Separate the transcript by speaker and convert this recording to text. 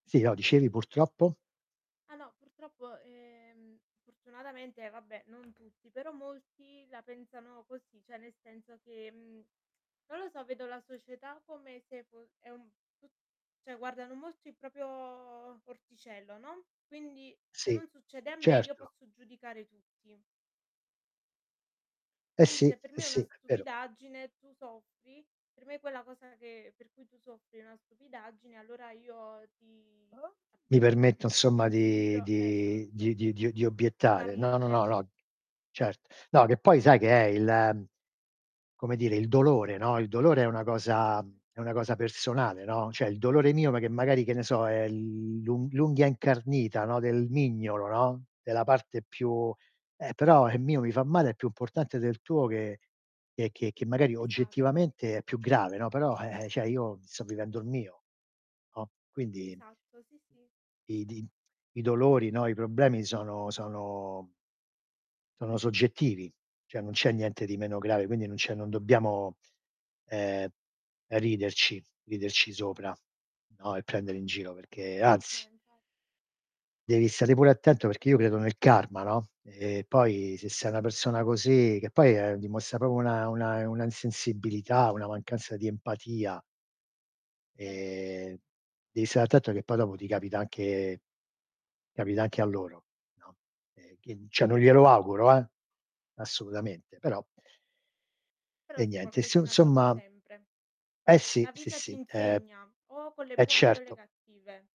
Speaker 1: Sì, no dicevi purtroppo?
Speaker 2: Ah no, purtroppo, ehm, fortunatamente vabbè non tutti, però molti la pensano così, cioè nel senso che, mhmm, non lo so vedo la società come se fo è un cioè guardano molto il proprio orticello, no, quindi se
Speaker 1: Sì,
Speaker 2: non succede a me io
Speaker 1: certo.
Speaker 2: posso giudicare tutti.
Speaker 1: E
Speaker 2: Quindi
Speaker 1: sì,
Speaker 2: se per
Speaker 1: e
Speaker 2: me è
Speaker 1: sì,
Speaker 2: una
Speaker 1: è vero.
Speaker 2: stupidaggine, tu soffri, per me quella cosa che per cui tu soffri è una stupidaggine allora io ti,
Speaker 1: Mi
Speaker 2: appunto,
Speaker 1: permetto
Speaker 2: prendo
Speaker 1: insomma
Speaker 2: in
Speaker 1: di
Speaker 2: giro
Speaker 1: di di
Speaker 2: esatto
Speaker 1: di di di
Speaker 2: di
Speaker 1: obiettare no, no, no,
Speaker 2: parlare.
Speaker 1: no, cert no, che poi sai che è il come dire, il dolore, no, il dolore è una cosa mhmm, è una cosa personale, no, cioè il dolore mio ma che magari che ne so è l'u l'unghia incarnita, no, del mignolo, no, della parte più eh, però il mio mi fa male è più importante del tuo che che che magari
Speaker 2: Esatto.
Speaker 1: oggettivamente è più grave, no, però cioè io sto vivendo il mio, no, quindi
Speaker 2: Esatto, sì sì.
Speaker 1: i di i dolori, no, i problemi sono sono sono soggettivi, cioè non c'è niente di meno grave, quindi non c'è non dobbiamo, ehm, ehm, riderci, riderci sopra, no, e prendere in giro perché anzi
Speaker 2: No infa
Speaker 1: devi stare pure attento perché io credo nel karma, no, e poi se sei una persona così che, ehm, poi dimostra proprio una- una una insensibilità, una mancanza di empatia.
Speaker 2: Vero.
Speaker 1: Ehm, devi stare attento che poi dopo ti capita anche capita anche a loro, no, e quindi cioè non glielo auguro, eh, assolutamente, però
Speaker 2: Però
Speaker 1: E
Speaker 2: sì,
Speaker 1: niente, inso
Speaker 2: qualcosina torna
Speaker 1: insomma
Speaker 2: sempre.
Speaker 1: Eh sì,
Speaker 2: La
Speaker 1: sì,
Speaker 2: vita ti
Speaker 1: sì. Ehm
Speaker 2: insegna, o con le
Speaker 1: E
Speaker 2: buone o con le
Speaker 1: certo.
Speaker 2: cattive.